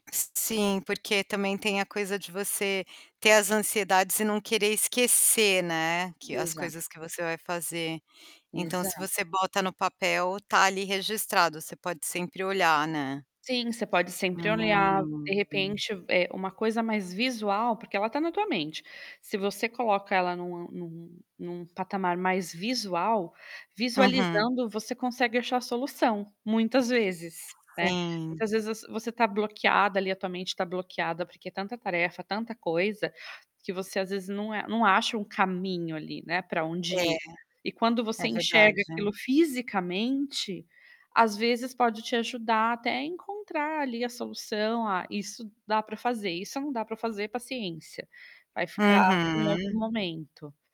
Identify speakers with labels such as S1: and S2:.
S1: S sim, porque também tem a coisa de você ter as ansiedades e não querer esquecer, né, que as
S2: Exato.
S1: coisas que você vai fazer. Então se
S2: Exato.
S1: você bota no papel, tá ali registrado, você pode sempre olhar, né.
S2: Sim, você pode sempre olhar, de
S1: Hum.
S2: repente, eh, uma coisa mais visual, porque ela tá na tua mente. Se você coloca ela numa num num patamar mais visual,
S1: Uhum.
S2: visualizando, você consegue achar a solução muitas vezes, né?
S1: Sim.
S2: Muitas vezes você você tá bloqueada ali, a tua mente tá bloqueada, porque é tanta tarefa, tanta coisa, que você às vezes não é não acha um caminho ali, né, para onde
S1: É,
S2: ir. E quando você
S1: é verdade.
S2: enxerga aquilo fisicamente, às vezes pode te ajudar até a encontrar ali a solução. "Ah, isso dá para fazer, isso não dá para fazer. Paciência". Vai ficar para um outro
S1: Uhum.
S2: momento.